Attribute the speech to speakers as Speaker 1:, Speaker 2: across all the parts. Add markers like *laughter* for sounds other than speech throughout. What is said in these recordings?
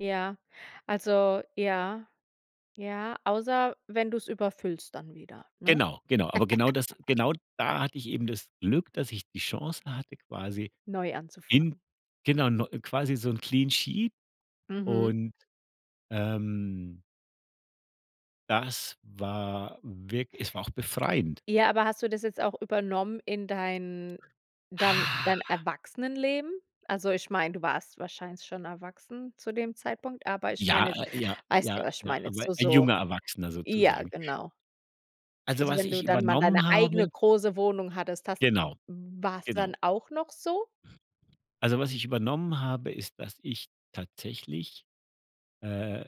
Speaker 1: Ja, also ja, ja, außer wenn du's überfüllst dann wieder, ne?
Speaker 2: Genau, genau. Aber genau das
Speaker 1: *chuckles*
Speaker 2: genau da hatte ich eben das Glück, dass ich die Chance hatte, quasi
Speaker 1: Neu
Speaker 2: in
Speaker 1: anzufangen.
Speaker 2: genau neu quasi so 'n clean sheet
Speaker 1: Mhm.
Speaker 2: und, ähm das war wirk es war auch befreiend.
Speaker 1: Ja, aber hast du das jetzt auch übernommen in dein dann
Speaker 2: Ha.
Speaker 1: dein Erwachsenenleben? Also, ich meine, du warst wahrscheinlich schon erwachsen zu dem Zeitpunkt, aber ich
Speaker 2: Ja
Speaker 1: meine jetzt
Speaker 2: äh, ja,
Speaker 1: weißt
Speaker 2: ja,
Speaker 1: ja, was ich
Speaker 2: ja,
Speaker 1: meine, jetzt
Speaker 2: aber
Speaker 1: so,
Speaker 2: ein
Speaker 1: so
Speaker 2: junger Erwachsener
Speaker 1: ja,
Speaker 2: sozusagen.
Speaker 1: genau.
Speaker 2: Also,
Speaker 1: Also,
Speaker 2: was
Speaker 1: wenn
Speaker 2: ich
Speaker 1: du dann mal deine
Speaker 2: übernommen habe
Speaker 1: eigene große Wohnung hattest, hast d
Speaker 2: Genau,
Speaker 1: war's
Speaker 2: genau.
Speaker 1: dann auch noch so?
Speaker 2: Also was ich übernommen habe, ist, dass ich tatsächlich, äh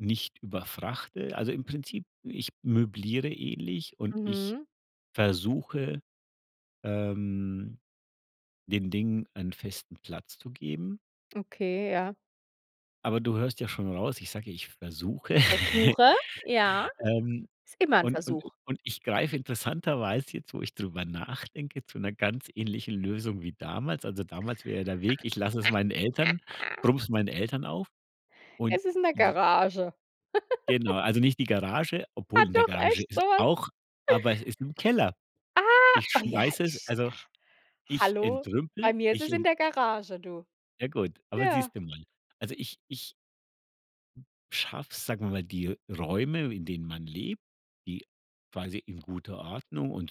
Speaker 2: nicht überfrachte. Also, im Prinzip: Ich möbliere ähnlich und ich
Speaker 1: Mhm.
Speaker 2: versuche, ähm, den Dingen einen festen Platz zu geben.
Speaker 1: Okay, ja.
Speaker 2: Aber du hörst ja schon raus, ich sage, ja, ich versuche,
Speaker 1: Ich
Speaker 2: *chuckles*
Speaker 1: versuche, ja.
Speaker 2: ähm,
Speaker 1: Ist immer 'n
Speaker 2: und und i
Speaker 1: Versuch.
Speaker 2: und ich greife interessanterweise jetzt, wo ich drüber nachdenke, zu 'ner ganz ähnlichen Lösung wie damals. Also, damals wäre der Weg, ich lasse es meinen Eltern
Speaker 1: *laughs*
Speaker 2: brumme es meinen Eltern auf und
Speaker 1: Es ist in 'ne
Speaker 2: j
Speaker 1: Garage. *giggles*
Speaker 2: Genau, also nicht die Garage, obwohl
Speaker 1: Hat
Speaker 2: in der
Speaker 1: doch
Speaker 2: Garage
Speaker 1: echt so
Speaker 2: ist
Speaker 1: was?
Speaker 2: auch
Speaker 1: *chuckles*
Speaker 2: aber es ist im Keller.
Speaker 1: Ah,
Speaker 2: Ich
Speaker 1: oh ja,
Speaker 2: schmeiße es
Speaker 1: ich
Speaker 2: also,
Speaker 1: ja.
Speaker 2: ich
Speaker 1: Hallo? Bei
Speaker 2: entrümple,
Speaker 1: mir ist
Speaker 2: ich
Speaker 1: es in
Speaker 2: ent
Speaker 1: der Garage, du.
Speaker 2: Ja gut, aber
Speaker 1: Ja.
Speaker 2: siehst du mal. Also ich ich schaffe es, sagen wir mal, die Räume, in denen man lebt, die quasi in guter Ordnung und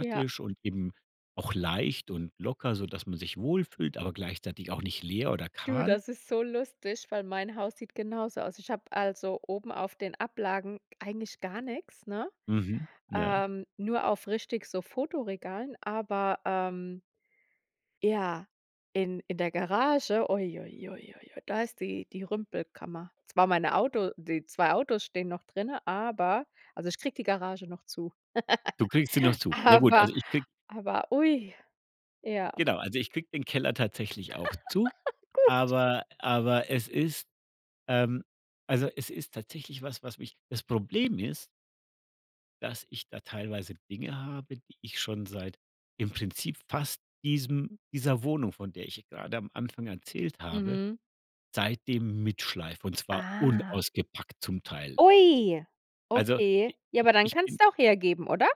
Speaker 1: Ja.
Speaker 2: und eben auch leicht und locker, sodass man sich wohlfühlt, aber gleichzeitig auch nicht leer oder
Speaker 1: Du,
Speaker 2: kahl
Speaker 1: das ist so lustig, weil mein Haus sieht genauso aus. Ich habe also oben auf den Ablagen g eigentlich gar nix, ne,
Speaker 2: Mhm. Ja.
Speaker 1: ähm, nur auf richtig so Fotoregalen, aber, ähm ja, in in der Garage, ui, ui, ui, ui, ui, da ist die die Rümpelkammer. Zwar meine Auto die 2 Autos stehen noch drinne, aber also ich kriege die Garage noch zu.
Speaker 2: Du kriegst sie noch
Speaker 1: *laughs*
Speaker 2: zu. Naja, gut,
Speaker 1: Aber
Speaker 2: also ich kriege
Speaker 1: aber ui, ja.
Speaker 2: Genau, also, ich kriege den Keller tatsächlich auch zu,
Speaker 1: *laughs* Gut.
Speaker 2: aber aber es ist, ähm also, es ist tatsächlich was, was mich das Problem ist dass ich da teilweise Dinge habe, die ich schon seit im Prinzip fast diesem dieser Wohnung, von der ich gerade am Anfang erzählt habe,
Speaker 1: Mhm.
Speaker 2: seitdem mitschleife und zwar
Speaker 1: Ah.
Speaker 2: unausgepackt zum Teil.
Speaker 1: Ui!
Speaker 2: Also i
Speaker 1: Okay. Ja, aber
Speaker 2: ich
Speaker 1: dann
Speaker 2: ich bin
Speaker 1: kannst auch hergeben, oder?